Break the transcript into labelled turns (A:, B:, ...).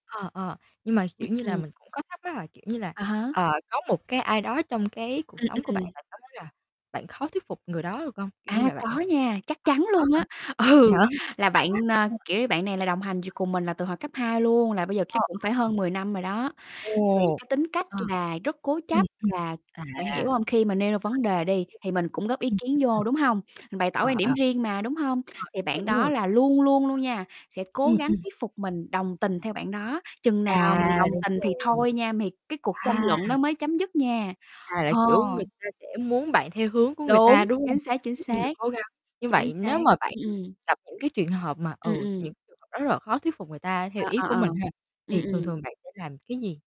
A: Ờ, ờ, nhưng mà, kiểu
B: Ừm,
A: như là,
B: ừm.
A: mình cũng có thắc mắc là, kiểu như là,
B: À há.
A: ờ, có một cái ai đó trong cái cuộc
B: Ừm,
A: sống của bạn,
B: ừm.
A: bạn có thấy là bạn khó thuyết phục người đó được không? Kiểu như
B: À,
A: là, bạn ơ,
B: có nha, chắc chắn luôn á.
A: có
B: Ừ,
A: hả? Vậy hả?
B: là bạn, ơ,
A: Ừm.
B: kiểu như, bạn này là đồng hành dù cùng mình là từ hồi cấp 2 luôn là bây giờ
A: Ồ,
B: chắc cũng
A: có ổn
B: phải
A: hông?
B: hơn 10 năm rồi đó. Thì
A: Ồ!
B: cái tính cách
A: À.
B: là rất cố
A: Ừm,
B: chấp là
A: ừm,
B: bạn
A: à,
B: hiểu hông, khi mà nêu ra vấn đề đi thì mình cũng góp ý
A: rồi, hiểu hiểu, ừm, ừm, ừm.
B: kiến vô, đúng hông? Mình bày tỏ quan
A: Ờ, à.
B: điểm
A: Rồi,
B: riêng mà, đúng hông? Thì
A: cái này
B: bạn
A: đúng
B: đó
A: rồi
B: là luôn luôn luôn nha, sẽ cố
A: Ừm,
B: gắng
A: ừm.
B: thuyết phục mình đồng tình theo bạn đó, chừng nào mình
A: À!
B: đồng
A: Đúng
B: tình thì
A: rồi.
B: thôi nha, m thì cái cuộc tranh
A: À!
B: luận đó mới chấm dứt nha.
A: À, là,
B: Ờ.
A: kiểu, người ta sẽ muốn bạn theo hướng của người ta,
B: Đúng,
A: đúng không?
B: chính xác, chính
A: Kiểu như là
B: xác.
A: cố gắng. Như
B: Chính
A: vậy
B: xác,
A: nếu mà bạn,
B: ừm,
A: ừm,
B: ừm.
A: gặp những cái truyền hợp mà,
B: Ừm,
A: ừ, những
B: ừm.
A: người họ rất là khó thuyết phục người ta theo
B: Ờ,
A: ý
B: ờ,
A: của
B: ờ.
A: mình ha,
B: Ừm,
A: thì thường
B: ừm.
A: thường bạn sẽ làm cái gì?